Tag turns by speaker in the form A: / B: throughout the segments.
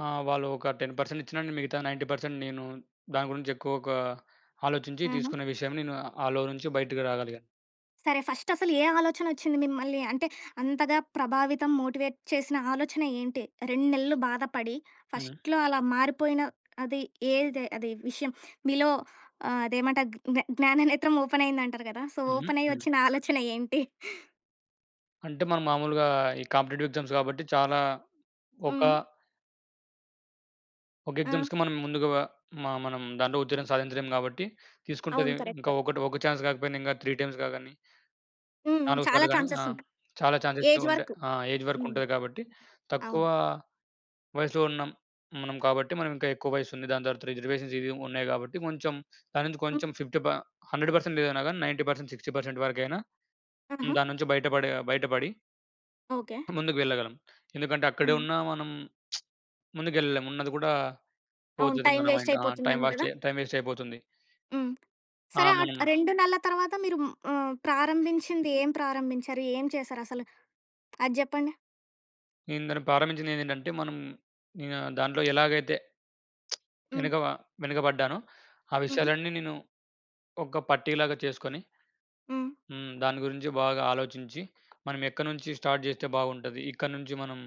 A: ఆ! వాళ్ళు ఒక 10% ఇచ్చినా మిగతా 90% నేను దాని గురించి ఎక్కువగా ఆలోచించి
B: హుహు.
A: తీసుకునే విషయం నేను ఆ లో నుంచి బయటికి రాగలిగా.
B: సరే ఫస్ట్‌ అసలు ఏ ఆలోచన వచ్చింది మిమ్మల్ని అంటే అంతగా ప్రభావితం మోటివేట్ చేసిన ఆలోచన ఏంటి? 2 నెలలు బాధపడి,
A: హ్మ్.
B: ఫస్ట్‌లో అలా మారిపోయిన అది ఏది అది విషయం. మీలో ఆహ్, అదేమంటారు జ్ఞా జ్ఞాన నేత్రం ఓపెన్ అయిందంటారు కదా! సో,
A: హుహు.
B: ఓపెన్ అయ్యి
A: హ్మ్.
B: వచ్చిన ఆలోచన ఏంటి?
A: అంటే మనం మాములుగా ఈ కాంపిటీటివ్ ఎగ్జామ్స్ కాబట్టి చాలా ఒక
B: హ్మ్.
A: ఒక
B: ఆ!
A: ఎగ్జామ్స్‌కి మనం ముందుగా మా మనం దాంట్లో ఉత్తీర్ణం సాధించలేం కాబట్టి తీసుకుంటది.
B: అవును.
A: ఇంకా
B: కరెక్ట్.
A: ఒకటి ఒక చాన్స్ కాకపోయినా ఇంకా 3 టైమ్స్‌గా గాని.
B: హ్మ్. హ్మ్.
A: నాలుగు
B: చాలా
A: సార్లు గాని, ఆ!
B: ఛాన్సెస్ ఉంటాయి.
A: చాలా ఛాన్సెస్ అయితే
B: ఏజ్
A: ఉంటాయి.
B: వరకు.
A: ఆ! ఏజ్ వరకు
B: హ్మ్.
A: ఉంటది కాబట్టి తక్కువ
B: అవును.
A: వయస్సులో ఉన్నాం. హ్మ్. మనం కాబట్టి మనం ఇంకా ఎక్కువ వయసు ఉంది దాని తర్వాత రిజర్వేషన్స్ ఇవి ఉన్నాయి కాబట్టి కొంచెం దానుంచి కొంచెం
B: హ్మ్.
A: ఫిఫ్టీ ప 100% ఏదైనా కానీ 90% 60% వరకైనా, హ్మ్.
B: ఆహా!
A: దాని నుంచి బయటపడే, బయటపడి...
B: ఓకే.
A: ముందుకు వెళ్ళగలం. ఎందుకంటే అక్కడే
B: హ్మ్.
A: ఉన్న మనం ముందుకెళ్ళలేం ఉన్నది కూడా,
B: అవును.
A: పోతది
B: టైమ్
A: మన
B: వేస్ట్
A: మైండ్. ఆ! టైమ్
B: అయిపోతుందేమో
A: వాస్ట్
B: కదా!
A: టైమ్ వేస్ట్ అయిపోతుంది.
B: హ్మ్.
A: ఆ!
B: సరే ఆ
A: మనం
B: 2 నెలల తర్వాత మీరు ఆహ్, ప్రారంభించింది ఏం ప్రారంభించారు? ఏం చేశారు అసలు అది చెప్పండి?
A: నేను దాన్ని ప్రారంభించిందేంటంటే మనం, ఇంగా దాంట్లో ఎలాగైతే,
B: హ్మ్.
A: వెనుక వెనుకబడ్డానో ఆ
B: హ్మ్.
A: విషయాలన్నీ నేను ఒక పట్టి లాగా చేసుకొని
B: హ్మ్.
A: హ్మ్. దాని గురించి బాగా ఆలోచించి, మనమెక్కడ్నుంచి స్టార్ట్ చేస్తే బాగుంటది. ఇక్కడ్నుంచి మనం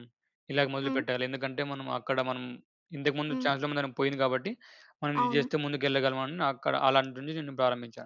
A: ఇలాగ
B: హ్మ్.
A: మొదలుపెట్టాలి ఎందుకంటే మనం అక్కడ మనం ఇంతకుముందు
B: హ్మ్.
A: చాన్స్ [unintelligible] పోయింది కాబట్టి మనం ఇది
B: అవును.
A: జేస్తే ముందుకు ఎళ్ళగలం అని అక్కడ అలాంటి నుంచి నేను ప్రారంభించాను.